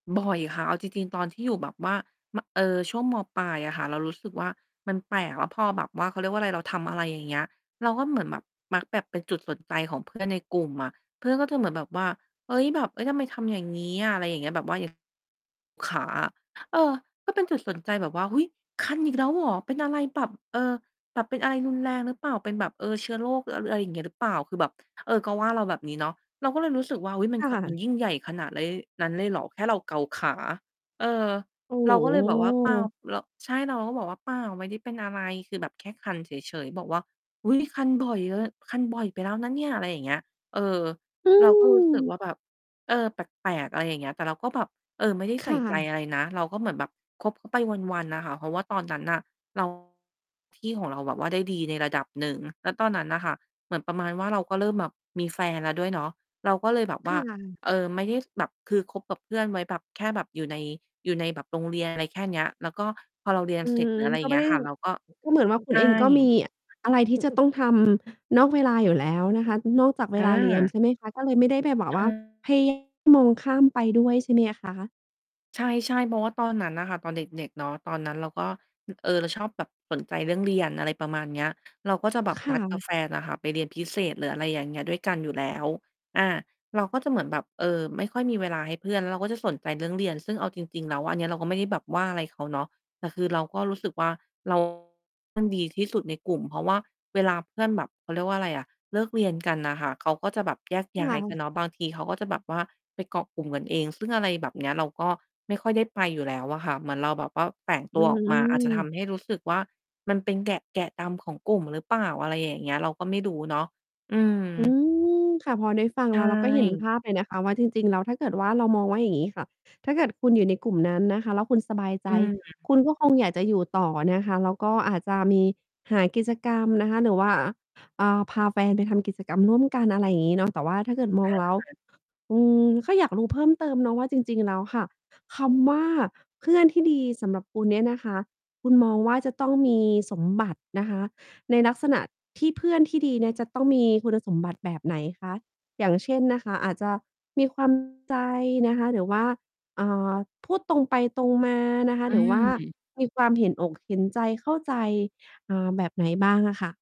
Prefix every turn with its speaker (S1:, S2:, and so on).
S1: บ่อยค่ะ เอาจริง ๆ ตอนที่อยู่แบบว่า ม เอ่อ ช่วง ม.ปลาย อะค่ะ เรารู้สึกว่า มันแปลก แล้วพอแบบว่า เขาเรียกว่าไร เราทำอะไร อย่างเงี้ย เราก็เหมือนแบบมักแบบเป็นจุดสนใจของ เพื่อน ในกลุ่มอะ เพื่อนก็จะเหมือนแบบว่า "เฮ้ย แบบ เฮ้ย ทำไมทำอย่างงี้อะ?" ไรอย่างเงี้ย แบบว่า ย ขาอะ เออ ก็เป็นจุดสนใจแบบว่า "อุ๊ย คันอีกแล้วเหรอ? เป็นอะไรแบบ เออ แบบเป็นอะไรรุนแรงหรือเปล่า? เป็นแบบ เออ เชื้อโรคหรืออะ ร ไร อย่างเงี้ยหรือเปล่า?" คือแบบ เออ ก็ว่าเราแบบนี้เนาะ เราก็เลยรู้สึกว่า อุ๊ย มัน
S2: ค่
S1: ข มั
S2: ะ
S1: นยิ่งใหญ่ขนาดไล้ นั้นเลยเหรอ แค่เราเกาขา เออ
S2: โอ้
S1: เราก็เลยแบบว่า "เปล่า
S2: โฮ
S1: เรา" ใช่ เราก็บอกว่า "เปล่า ไม่ได้เป็นอะไร คือแบบแค่คันเฉย ๆ" บอกว่า "อุ๊ย คันบ่อยเลย คันบ่อยไปแล้วนะเนี่ย" อะไรอย่างเงี้ย เออ
S2: อื
S1: เราก็รู้สึกว
S2: ม
S1: ่า แบบ เออ แปลก ๆ อะไรอย่างเงี้ย แต่เราก็แบบ เออ ไม่ได้
S2: ค
S1: ใส่
S2: ่
S1: ใจ
S2: ะ
S1: อะไรนะ เราก็เหมือนแบบคบ เขา ไปวัน ๆ น่ะค่ะ เพราะว่าตอนนั้นน่ะ เรา ที่ของเราแบบว่าได้ดีในระดับหนึ่ง แล้วตอนนั้นน่ะค่ะ เหมือนประมาณว่า เราก็เริ่มแบบมีแฟนแล้วด้วยเนาะ เราก็เลยแบบว
S2: ค
S1: ่
S2: ่
S1: า
S2: ะ
S1: เออ ไม่ได้แบบ คือคบกับเพื่อนไว้แบบแค่แบบอยู่ใน อยู่ในแบบ โรงเรียน อะไรแค่เนี้ย แล้วก็พอเราเรียน
S2: อื
S1: เสร็จ
S2: ม
S1: หรืออะไรอย
S2: ก
S1: ่
S2: ็
S1: าง
S2: ไ
S1: เ
S2: ม
S1: งี
S2: ่
S1: ้
S2: ไ
S1: ย
S2: ด้
S1: ค่ะ เราก็
S2: ก็เหมือนว่าค
S1: ใ
S2: ุ
S1: ช
S2: ณ
S1: ่
S2: เองก็มีอะไรที่ จะต้องทำ นอกเวลาอยู่แล้วนะคะ นอกจากเวลาเรียน
S1: อา
S2: ใช่ไหมคะ? ก็เลยไม่ได้ไปแบบ
S1: ใช
S2: ว่า
S1: ่
S2: พยา มองข้ามไปด้วยใช่ไหม อะคะ?
S1: ใช่ ๆ เพราะว่าตอนนั้นอะค่ะ ตอนเด็ก ๆ เนาะ ตอนนั้นเราก็ เออ เราชอบแบบสนใจเรื่องเรียน อะไรประมาณเนี้ย เราก็จะแบบ
S2: ค
S1: น
S2: ่
S1: ัดกับ
S2: ะ
S1: แฟนอะค่ะไปเรียนพิเศษ หรืออะไรอย่างเงี้ย ด้วยกันอยู่แล้ว อา เราก็จะเหมือนแบบ เออ ไม่ค่อยมีเวลาให้เพื่อน แล้วเราก็จะสนใจเรื่องเรียน ซึ่งเอาจริง ๆ แล้ว อันเนี้ยเราก็ไม่ได้แบบว่าอะไรเขาเนาะ แต่คือเราก็รู้สึกว่า เรา มันดีที่สุดในกลุ่ม เพราะว่าเวลาเพื่อนแบบ เขาเรียกว่าไรอะ เลิกเรียนกันน่ะค่ะ เขาก็จะแบบแยก
S2: ค
S1: ย้า
S2: ่
S1: ยก
S2: ะ
S1: ันเนาะ บางทีเขาก็จะแบบว่าไปเกาะกลุ่มกันเอง ซึ่งอะไรแบบเนี้ย เราก็ไม่ค่อยได้ไปอยู่แล้วอะค่ะ เหมือนเราแบบว่าแฝง
S2: อ
S1: ต
S2: ื
S1: ัวออกมา อาจจะท
S2: ม
S1: ำให้รู้สึกว่า มันเป็นแกะ แกะดำของกลุ่ม หรือเปล่า อะไรอย่างเงี้ย เราก็ไม่รู้เนาะ อืม
S2: อืม ค่ะ พอได้ฟัง
S1: ใช
S2: แล้ว เราก็เห็น
S1: ่
S2: ภาพเลยนะคะว่า จริง ๆ แล้ว ถ้าเกิดว่า เรามองว่า อย่างงี้ค่ะ ถ้าเกิดคุณอยู่ในกลุ่มนั้นนะคะแล้วคุณสบายใ
S1: อ
S2: จ
S1: ืม
S2: คุณก็คงอยาก จะอยู่ต่อนะคะ แล้วก็อาจจะมีหากิจกรรมนะคะ หรือว่า อ่า พาแฟนไปทำกิจกรรมร่วมกัน อะไรงี้เนาะ แต่ว่าถ้าเกิดม
S1: อ
S2: อง
S1: ะ
S2: แล้ว
S1: ฮะ
S2: อืม แค่อยากรู้เพิ่ม เติมเนาะว่าจริง ๆ แล้วค่ะ คำว่า "เพื่อนที่ดี" สำหรับคุณเนี่ยนะคะ คุณมองว่าจะต้องมีสมบัตินะคะในลักษณะที่เพื่อนที่ดีเนี่ย จะต้องมีคุณสมบัติ แบบไหนคะ? อย่างเช่นนะคะ อาจจะมี ความ ใจนะคะ หรือว่า อ่า พูดตรงไปตรงมานะคะ
S1: อ
S2: หรือว่า
S1: ืม
S2: มีความเห็นอกเห็นใจ เข้าใจ อ่า แบบไหนบ้างอะค่ะ?